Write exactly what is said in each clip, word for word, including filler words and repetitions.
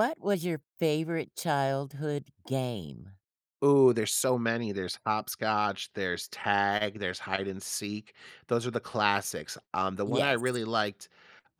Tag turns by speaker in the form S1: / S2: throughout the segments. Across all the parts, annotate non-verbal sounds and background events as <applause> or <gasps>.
S1: What was your favorite childhood game?
S2: Ooh, there's so many. There's hopscotch, there's tag, there's hide and seek; those are the classics. Um, the one I
S1: Yes.
S2: really liked,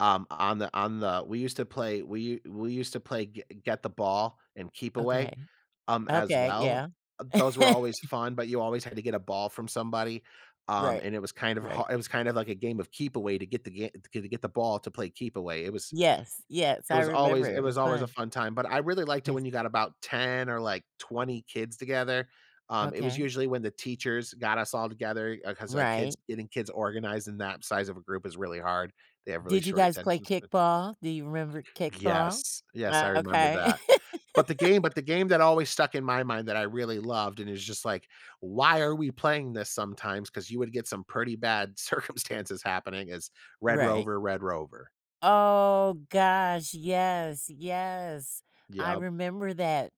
S2: um, on the on the we used to play we u we used to play g get the ball and keep away,
S1: Okay.
S2: um, as
S1: Okay,
S2: well.
S1: yeah.
S2: Those were always
S1: <laughs>
S2: fun, but you always had to get a ball from somebody, um,
S1: Right.
S2: and it was kind of ha
S1: Right.
S2: it was kind of like a game of keep away to get the ga to get the get the ball to play keep away. It was
S1: Yes, yes,
S2: it
S1: I
S2: was
S1: remember
S2: always it
S1: it
S2: was
S1: was
S2: always a
S1: fun.
S2: fun time, but I really liked it
S1: Yes.
S2: when you got about ten or, like, twenty kids together, um, it was
S1: Okay.
S2: usually when the teachers got us all together, uh, 'cause, like, kids
S1: Right.
S2: getting kids organized in that size of a group is really hard. They have really
S1: Did you
S2: short
S1: guys play
S2: attentions sp
S1: kickball? Do you remember kickball?
S2: Yes. Yes, I
S1: Ah,
S2: remember
S1: okay.
S2: that.
S1: <laughs>
S2: But the game but the game that always stuck in my mind that I really loved and it was just like, "Why are we playing this sometimes?" 'cause you would get some pretty bad circumstances happening is red
S1: Right.
S2: rover, red rover.
S1: Oh gosh! Yes! Yes! I
S2: Yep.
S1: remember that.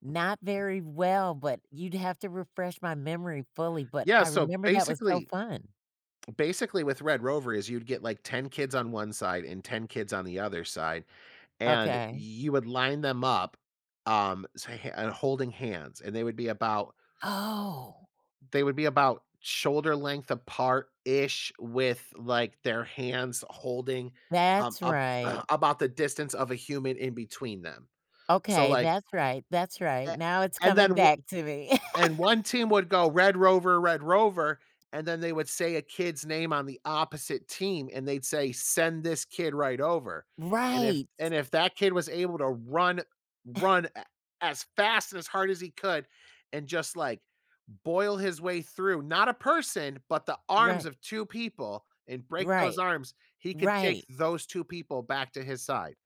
S1: Not
S2: <unintelligible>
S1: very well, but you'd have to refresh my memory fully, but
S2: Yeah,
S1: I
S2: so
S1: remember that was so
S2: basically
S1: fun.
S2: basically with red rover is you'd get, like, ten kids on one side, and ten kids on the other side, and
S1: Okay.
S2: you would line them up, um, so h and holding hands and they would be about
S1: Oh!
S2: they would be about shoulder length apart-ish with, like, their hands holding, um,
S1: That's
S2: ab
S1: right.
S2: <clears throat> about the distance of a human in between them. So
S1: Okay,
S2: like
S1: that's right, that's right,
S2: eh,
S1: now it's
S2: and then
S1: coming
S2: w
S1: back to me.
S2: And one team
S1: <laughs>
S2: would go "Red rover, red rover," and then they would say a kid's name on the opposite team and they'd say, "Send this kid right over," and if
S1: Right.
S2: And if that kid was able to run
S1: <chuckles>
S2: run a as fast and as hard as he could and just, like, boil his way through, not a person, but the arms
S1: Right.
S2: of two people and break those
S1: Right.
S2: arms, he could take
S1: Right.
S2: those two people back to his side.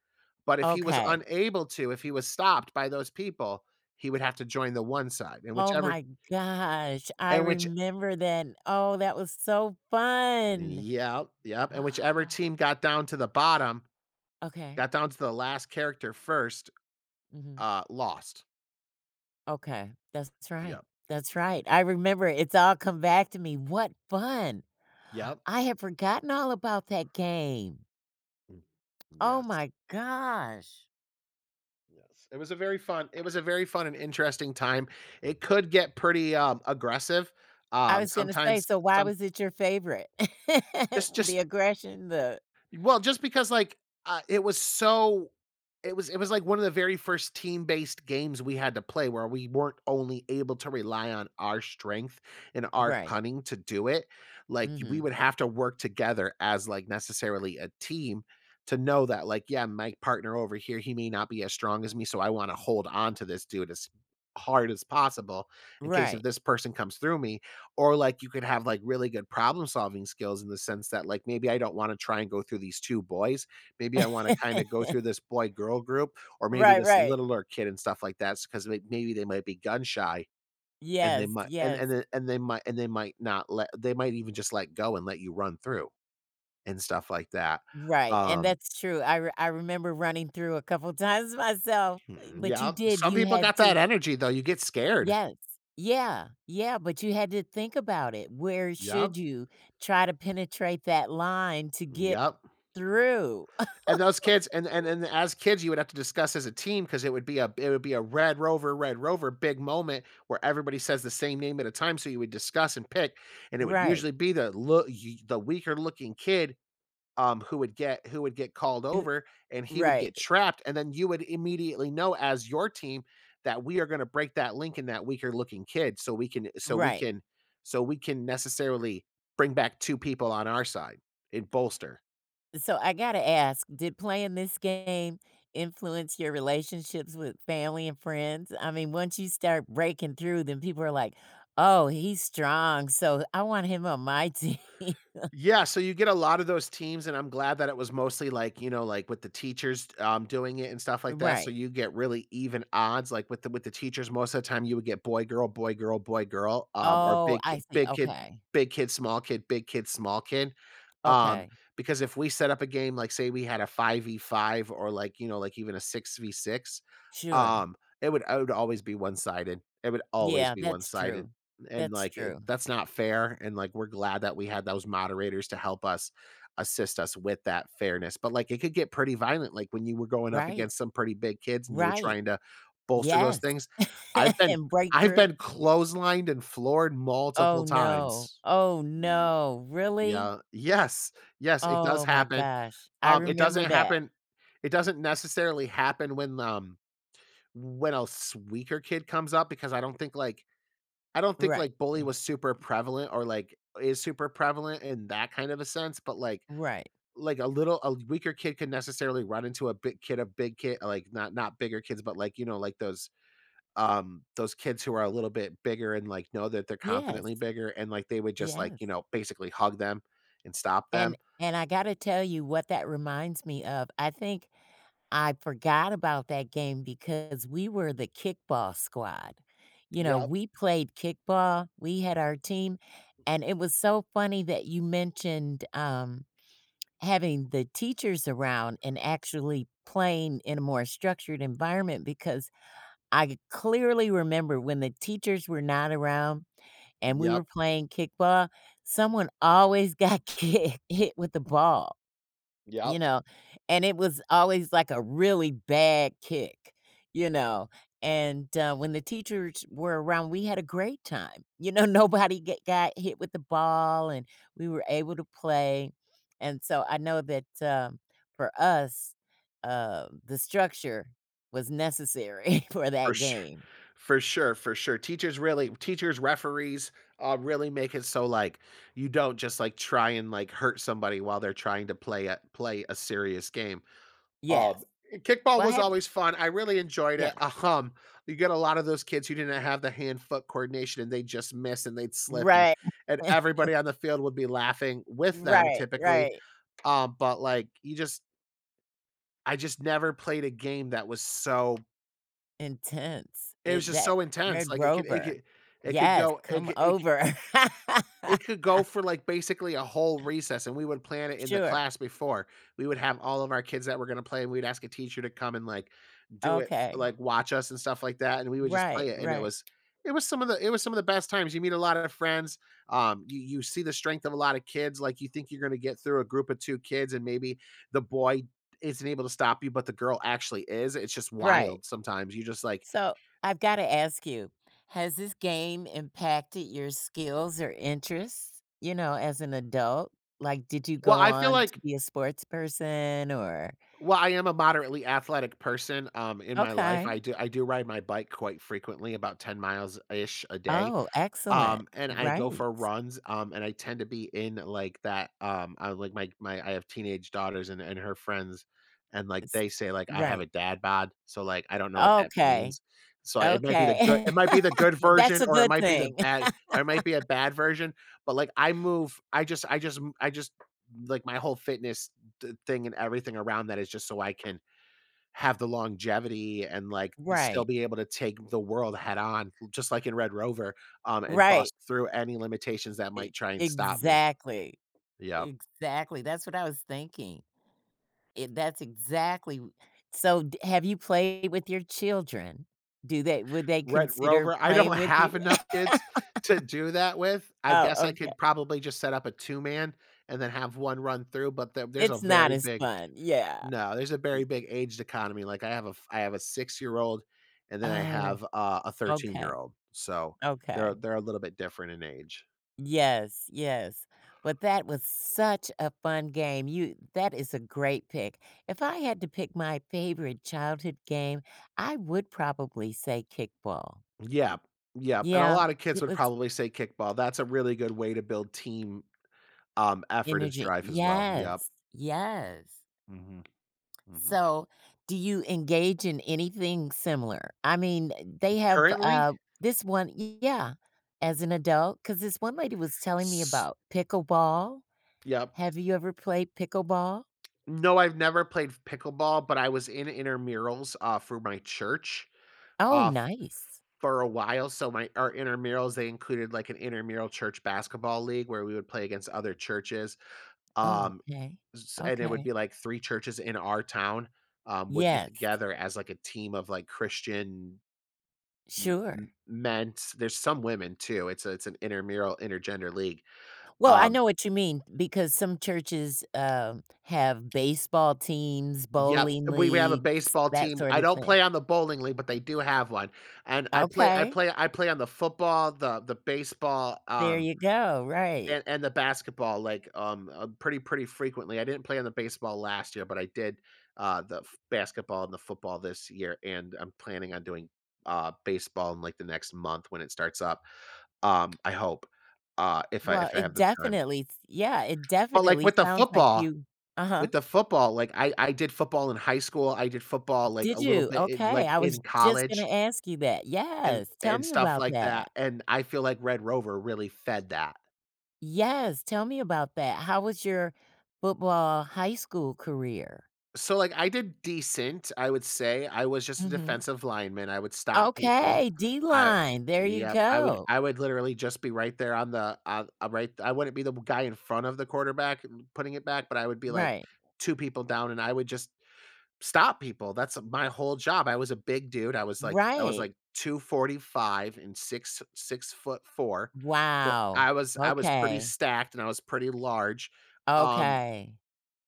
S2: But if he was
S1: Okay.
S2: unable to, if he was stopped by those people, he would have to join the one side, and
S1: Oh
S2: whichever
S1: my gosh! I
S2: and which
S1: remember then. Oh, that was so fun!
S2: Yep. Yep,
S1: <gasps>
S2: and whichever team got down to the bottom
S1: Okay.
S2: got down to the last character first,
S1: Mhm.
S2: uh, lost.
S1: Okay. That's right,
S2: Yeah.
S1: that's
S2: Mm.
S1: right. I remember it it's all come back to me, what fun.
S2: Yep.
S1: I have forgotten all about that game.
S2: Mm.
S1: Oh
S2: Yes.
S1: my gosh.
S2: Yes, it was a very fun it was a very fun and interesting time. It could get pretty, um, aggressive,
S1: I
S2: um,
S1: was gonna say,
S2: sometimes
S1: so why
S2: some
S1: was it your favorite? <laughs>
S2: It's
S1: The
S2: just
S1: aggression the
S2: Well, just because, like, I it was so it was it was, like, one of the very first team-based games we had to play where we weren't only able to rely on our strength and our
S1: Right.
S2: cunning to do it, like, we
S1: Mhm.
S2: would have to work together as, like, necessarily a team to know that, like, yeah, my partner over here, he may not be as strong as me, so I wanna hold on to this dude as hard as possible, in case if
S1: Right.
S2: this person comes through me, or, like, you could have, like, really good problem solving skills in the sense that, like, maybe I don't wanna try and go through these two boys, maybe I wanna kinda go through
S1: <laughs>
S2: this boy-girl group or maybe
S1: Right,
S2: this
S1: right.
S2: littler kid and stuff like that s ‘cause, like, maybe they might be gun shy and they
S1: Yes.
S2: might and and
S1: Yes.
S2: a and they might and they might not let they might even just let go and let you run through and stuff like that,
S1: Right, and
S2: um
S1: that's true. I r I remember running through a couple times
S2: E
S1: myself,
S2: hmm,
S1: but you
S2: yep.
S1: did,
S2: Some
S1: you
S2: people
S1: had
S2: got that
S1: to
S2: energy though, you get scared.
S1: Yes. Yeah. Yeah, but you had to think about it. Where
S2: Yep.
S1: should you try to penetrate that line to
S2: Mm,
S1: get
S2: yep.
S1: through?
S2: And those kids and the and
S1: <chuckles>
S2: and the as kids, you would have to discuss as a team ‘cause it would be a it would be a red rover, red rover big moment where everybody says the same name at a time, so you would discuss and pick and it would
S1: Right.
S2: usually be the l y the weaker looking kid, um, who would get who would get called
S1: Ooh
S2: over and he would
S1: Right.
S2: get trapped and then you would immediately know as your team that we are gonna break that link in that weaker looking kid so we can so we
S1: Right.
S2: can so we can necessarily bring back two people on our side and bolster.
S1: So, I gotta ask, did playing this game influence your relationships with family and friends? I mean, once you start breaking through, then people are like, “Oh, he's strong, so I want him on my team." <laughs>
S2: Yeah, so you get a lotta those teams and I'm glad that it was mostly, like, you know, like, with the teachers, t um, doing it and stuff like that, so
S1: Right.
S2: you get really even odds, like, with the with the teachers most of the time you would get boy girl, boy girl, boy girl, um, or
S1: Oh,
S2: big ki
S1: I see,
S2: big kid,
S1: okay.
S2: big kid, small kid, big kid, small kid. Um,
S1: Okay.
S2: because if we set up a game, like, say we had a five v five or, like, you know, like, even a six v six,
S1: Sure.
S2: um, it would I would always be one-sided it would always
S1: Yeah.
S2: be
S1: That's
S2: one-sided,
S1: true.
S2: and,
S1: That's
S2: like, eh,
S1: true.
S2: that's not fair, and, like, we're glad that we had those moderators to help us, assist us with that fairness, but, like, it could get pretty violent like when you were going up
S1: Right.
S2: against some pretty big kids and you were
S1: Right.
S2: trying to bolster those
S1: Yes.
S2: things. I've
S1: <laughs>
S2: been
S1: And
S2: I've
S1: breakthrough.
S2: been clotheslined and floored multiple
S1: Oh, no.
S2: times.
S1: Oh,
S2: Ye
S1: no, really?
S2: Yeah, yes. Yes, it does
S1: Oh my
S2: happen,
S1: gosh. I
S2: um, it
S1: remember
S2: doesn't
S1: that.
S2: happen It doesn't necessarily happen when, um, when a s weaker kid comes up because I don't think, like, I don't think,
S1: Right,
S2: like, bully
S1: eh
S2: was super prevalent or, like, is super prevalent in that kind of a sense, but, like,
S1: Right.
S2: like, a little a weaker kid can necessarily run into a big kid a big kid, like not not bigger kids, but, like, you know, like, those, um, those kids who are a little bit bigger and, like, know that they're confidently
S1: Yes.
S2: bigger and, like, they would just, like, you
S1: Yes.
S2: know, basically hug them and stop
S1: And
S2: them
S1: and I gotta tell you, what that reminds me of, I think I forgot about that game because we were the kickball squad. You know,
S2: Yep.
S1: we played kickball. We had our team,
S2: M
S1: and it was so funny that you mentioned, um, having the teachers around and actually playing in a more structured environment because I g clearly remember when the teachers were not around and we
S2: Yep.
S1: were playing kickball, someone always got ki hit with the ball, you
S2: Yep.
S1: know, and it was always like a really bad kick, you know, and, uh, when the teachers were around, we had a great time. You know, nobody get got hit with the ball, and we were able to play. And so I know that, um, for us, uh, the structure was necessary <chuckles> for
S2: For
S1: that
S2: su
S1: game.
S2: for sure, for sure. Teachers really teachers, referees, uh, really make it so, like, you don't just, like, try and, like, hurt somebody while they're trying to play a play a serious game. Um,
S1: Yes.
S2: and kickball
S1: Well,
S2: was
S1: have y
S2: always fun, I really enjoyed it,
S1: Yeah.
S2: um, you get a lotta those kids who didn't have the hand-foot coordination and they just miss and they'd slip and
S1: Right.
S2: and
S1: <chuckles>
S2: everybody on the field would be laughing with them
S1: Right,
S2: typically.
S1: right.
S2: Um, but, like, you just I just never played a game that was so
S1: Intense.
S2: It was
S1: It
S2: just
S1: that
S2: so intense,
S1: Red
S2: like, it could it
S1: Rover.
S2: could it could
S1: Yes,
S2: go it
S1: come
S2: c it c
S1: over. <laughs>
S2: it could go for, like, basically a whole recess, and we would plan it in the
S1: Sure.
S2: class before. We would have all of our kids that were gonna play and we'd ask a teacher to come and, like, do it, f
S1: Okay.
S2: like, watch us and stuff like that, and we would just
S1: Right,
S2: play it, and it
S1: right.
S2: was it was some of the it was some of the best times, you meet a lot of friends. Um, you you see the strength of a lotta kids, like, you think you're gonna get through a group of two kids and maybe the boy isn't able to stop you, but the girl actually is. It's just
S1: Right.
S2: wild sometimes, you just like
S1: So, I've gotta ask you. Has this game impacted your skills or interests, you know, as an adult? Like, did you
S2: Well,
S1: go
S2: I feel
S1: on to
S2: like
S1: be a sportsperson? Or
S2: Well, I am a moderately athletic person, um, in my life, I
S1: Okay.
S2: do I do ride my bike quite frequently, about ten miles ish a day.
S1: Oh, excellent.
S2: Um, and I go
S1: Right.
S2: for runs, um, and I tend to be in like that, um I like my my I have teenage daughters and and her friends, and, like,
S1: It's
S2: they say, like, I have
S1: Right.
S2: a dad bod, so, like, I don't know what that
S1: Okay.
S2: means. So, it might be the good
S1: Okay.
S2: it might be the good
S1: <laughs> That's
S2: version
S1: a
S2: or it
S1: good
S2: might be the
S1: thing.
S2: bad or it might be a
S1: <laughs>
S2: bad version, but, like, I move I just I just m I just, like, my whole fitness d thing and everything around that is just so I can have the longevity and like th still
S1: Right.
S2: be able to take the world head on just like in Red Rover, um, and
S1: Right.
S2: bust through any limitations that
S1: E
S2: might try and stop me.
S1: exactly.
S2: Yep.
S1: Exactly, that's what I was thinking. I that's exactly w so d have you played with your children? Do they would they
S2: Red
S1: consider
S2: Rover, I don't
S1: playing with you?
S2: have enough kids to do that
S1: <laughs>
S2: with. I
S1: Oh,
S2: guess I
S1: okay.
S2: could probably just set up a two-man and then have one run through, but the there's a
S1: It's not
S2: very
S1: as
S2: big
S1: fun, yeah,
S2: No, there's a very
S1: e
S2: big age dichotomy, like, I have a f I have a six-year-old and then I
S1: Oh.
S2: have a a
S1: Okay.
S2: thirteen-year-old, so they're a
S1: Okay.
S2: they're a little bit different in age.
S1: Yes, yes. But that was such a fun game. You that is a great pick. If I had to pick my favorite childhood game, I would probably say kickball.
S2: Yep. Yep, and a
S1: Yeah.
S2: lotta kids
S1: It
S2: would
S1: was
S2: probably say kickball, that's a really good way to build team, um, effort and
S1: Energy
S2: strife as well. Yep.
S1: Yes, yes.
S2: Mhm. Mhm.
S1: So, do you engage in anything similar? I mean, uh, they have,
S2: Currently?
S1: uh, this one e yeah, as an adult, 'cause this one lady was telling me
S2: S
S1: about pickleball.
S2: Yep.
S1: Have you ever played pickleball?
S2: No, I've never played f pickleball, but I was in intermurals, uh, for my church,
S1: Oh,
S2: uh, f f
S1: nice.
S2: for a while, so, my our intermurals, they included like an intermural church basketball league where we would play against other churches. Um,
S1: Okay.
S2: z s and it would
S1: Okay.
S2: be like three churches in our town, um, would get
S1: Yes.
S2: together as like a team of like Christian m m
S1: Sure.
S2: men's there's some women too, it's a it's an intermural, intergender league.
S1: Well, I
S2: Um
S1: know what you mean because some churches, um, have baseball teams,
S2: Yep.
S1: bowling
S2: Uh, we we have a
S1: leagues,
S2: baseball
S1: that
S2: team, I
S1: sorta
S2: don't
S1: thing.
S2: play on the bowling league, but they do have one, and I play I
S1: Okay.
S2: play I play on the football, the the baseball,
S1: There
S2: um,
S1: ya go. Right.
S2: and and the basketball, like, um, uh, pretty pretty frequently. I didn't play on the baseball last year, but I did, uh, the f basketball and the football this year and I'm planning on doing, uh, baseball in like the next month when it starts up, um, I hope, uh, if I if
S1: Well,
S2: I have
S1: it
S2: the time.
S1: definitely s Yeah, it
S2: But like
S1: definitely
S2: with the
S1: sounds like
S2: football
S1: you Uh-huh.
S2: with the football, like, I I did football in high school, I did football like
S1: Did
S2: a little
S1: you?
S2: bit in,
S1: Okay,
S2: like,
S1: I was
S2: in
S1: just
S2: college
S1: gonna ask you that.
S2: and
S1: Yes. Tell
S2: and
S1: me
S2: stuff
S1: about
S2: like that,
S1: that.
S2: and I feel like Red Rover really fed that.
S1: Yes, tell me about that, how was your football high school career?
S2: So, like, I did decent, I would say, I was just a
S1: Mhm.
S2: defensive lineman, I would stop people.
S1: Okay. D
S2: I
S1: line. There you
S2: yep, I would
S1: go.
S2: I would literally just be right there on the on right I wouldn't be the b guy in front of the quarterback r putting it back, but I would be like
S1: Right.
S2: two people down and I would just stop people, that's, uh, my whole job, I was a big dude, I was like I was
S1: Right.
S2: like two forty five and six six foot four. Fou
S1: Wow.
S2: I was I was pretty
S1: Okay.
S2: stacked and I was pretty large, um
S1: Okay.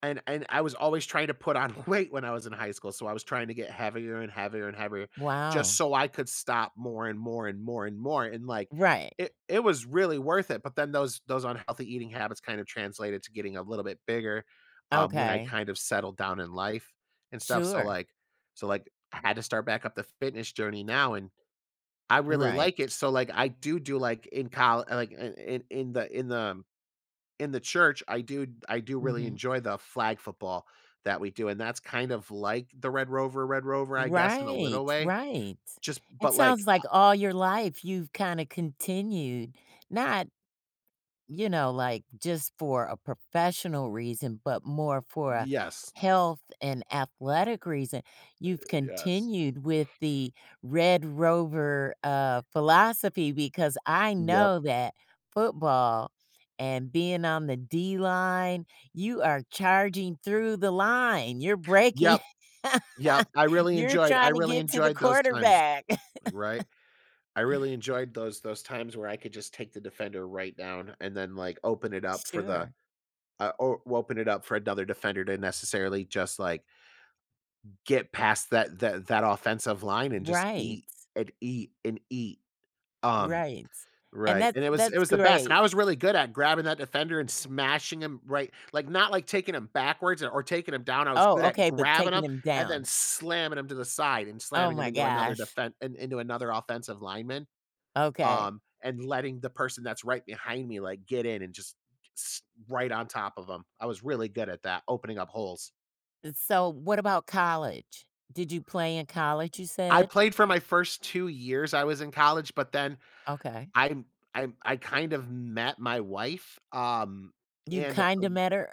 S2: and and I was always trying to put on weight when I was in high school, so I was trying to get heavier and heavier and heavier, just
S1: Wow.
S2: so I could stop more and more and more and more, and like,
S1: Right.
S2: it it was really worth it, but then those those unhealthy eating habits kind of translated to getting a little bit bigger, um, when I
S1: Okay.
S2: kind of settled down in life and stuff, so
S1: Sure.
S2: like so like I had to start back up the fitness journey now and I really
S1: Right.
S2: like it, so like I do do like in coll like, in in in the in the, um, in the church, I do I do really
S1: Mhm.
S2: enjoy the flag football that we do, and that's kind of like the Red Rover Red Rover, I guess, in a
S1: Right,
S2: little way.
S1: right.
S2: Just
S1: It
S2: but like,
S1: sounds
S2: I
S1: like all your life, you've kinda continued not, you know, like, just for a professional reason, but more for a
S2: Yes.
S1: health and athletic reason,
S2: Uh,
S1: you've
S2: yes.
S1: continued with the Red Rover, uh, philosophy because I
S2: Yep.
S1: know that football and being on the D line, you are charging through the line, you're breaking
S2: Yep. Yep,
S1: <laughs>
S2: I really
S1: You're
S2: enjoyed I
S1: trying to
S2: really
S1: get to the
S2: enjoyed those times,
S1: quarterback.
S2: right?
S1: <chuckles>
S2: I really enjoyed those those times where I could just take the defender right down and then like open it up for the
S1: Sure.
S2: uh, or open it up for another defender to necessarily just like get past that that that offensive line and just
S1: Right.
S2: eat and eat and eat. Um,
S1: Right. And
S2: right, and
S1: that's
S2: it was it
S1: that's
S2: was the best and I
S1: great.
S2: was really good at grabbing that defender and smashing him, right, like not like taking him backwards a or taking him down, I was
S1: Oh,
S2: good at
S1: okay, but
S2: grabbing him
S1: taking him
S2: and then
S1: down.
S2: slamming him to the side and
S1: Oh
S2: slamming him
S1: my
S2: into another
S1: gosh.
S2: defen in into another offensive lineman.
S1: Okay.
S2: Um, and letting the person that's right behind me like get in and just s right on top of him, I was really good at that, opening up holes.
S1: Eh, so what about college? Did you play in college, you
S2: I
S1: said?
S2: played for my first two years I was in college, but then
S1: Okay.
S2: I'm um, I I kind of met my wife, um,
S1: You
S2: and,
S1: kinda
S2: um
S1: met her?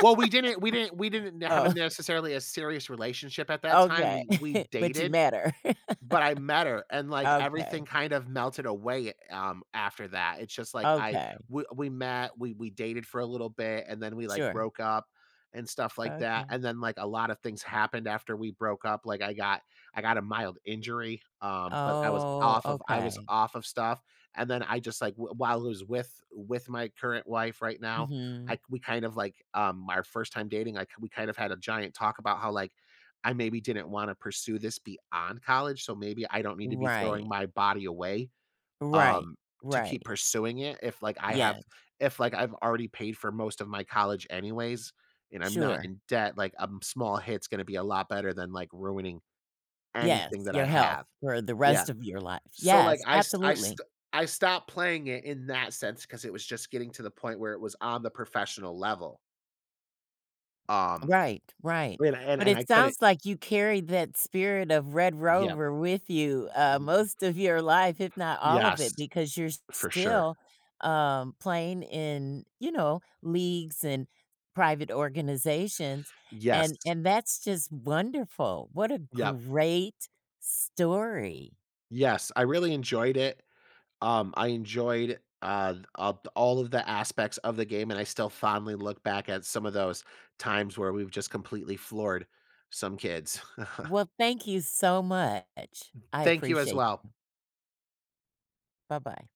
S2: Well, we didn't we didn't we didn't have a
S1: Oh
S2: necessarily a serious relationship at that time,
S1: Okay,
S2: we we
S1: <chuckles> but you
S2: dated,
S1: met her.
S2: but I met her
S1: <laughs>
S2: and, like,
S1: Okay.
S2: everything kind of melted away, um, after that, it's just like I
S1: Okay.
S2: we we met, we we dated for a little bit, and then we, like,
S1: Sure.
S2: broke up and stuff like that.
S1: Okay.
S2: And then, like, a lotta things happened after we broke up, like, I got I got a mild injury, um, but I was
S1: Oh,
S2: off of I was
S1: okay.
S2: off of stuff, and then I just like w while was with with my current wife right now,
S1: Mhm.
S2: I we kind of like, um, our first time dating, I we kind of had a giant talk about how like, I maybe didn't wanna pursue this beyond college, so maybe I don't need to be throwing
S1: Right.
S2: my body away,
S1: Right,
S2: um, to keep
S1: right.
S2: pursuing it, if like I have
S1: Yes.
S2: if like I've already paid for most of my college anyways, and I'm not
S1: Sure.
S2: in debt, like, a m small hit's gonna be a lot better than, like, ruining
S1: Yes,
S2: anything that I
S1: your health
S2: have.
S1: for the
S2: Yeah.
S1: rest of your life,
S2: So like
S1: yes,
S2: I st I
S1: absolutely.
S2: st I stop playing it in that sense 'cause it was just getting to the point where it was on the professional level. Um,
S1: Right, right,
S2: <unintelligible> and I and I
S1: but
S2: and I
S1: it
S2: couldn't
S1: sounds like you carry that spirit of Red
S2: Yep.
S1: Rover with you, uh,
S2: Y
S1: most of your life, if not all of
S2: Yes,
S1: it, because you're
S2: for sure.
S1: still, um, playing in, you know, leagues and private organizations, and
S2: Yes.
S1: and that's just wonderful. What a
S2: Yep.
S1: great story.
S2: Yes, I really enjoyed it. Um, I enjoyed, uh, the up all of the aspects of the game, and I still fondly look back at some of those times where we've just completely floored some kids. <chuckles>
S1: Well, thank you so much, I
S2: Thank you as
S1: appreciate
S2: well.
S1: you. Buh bye.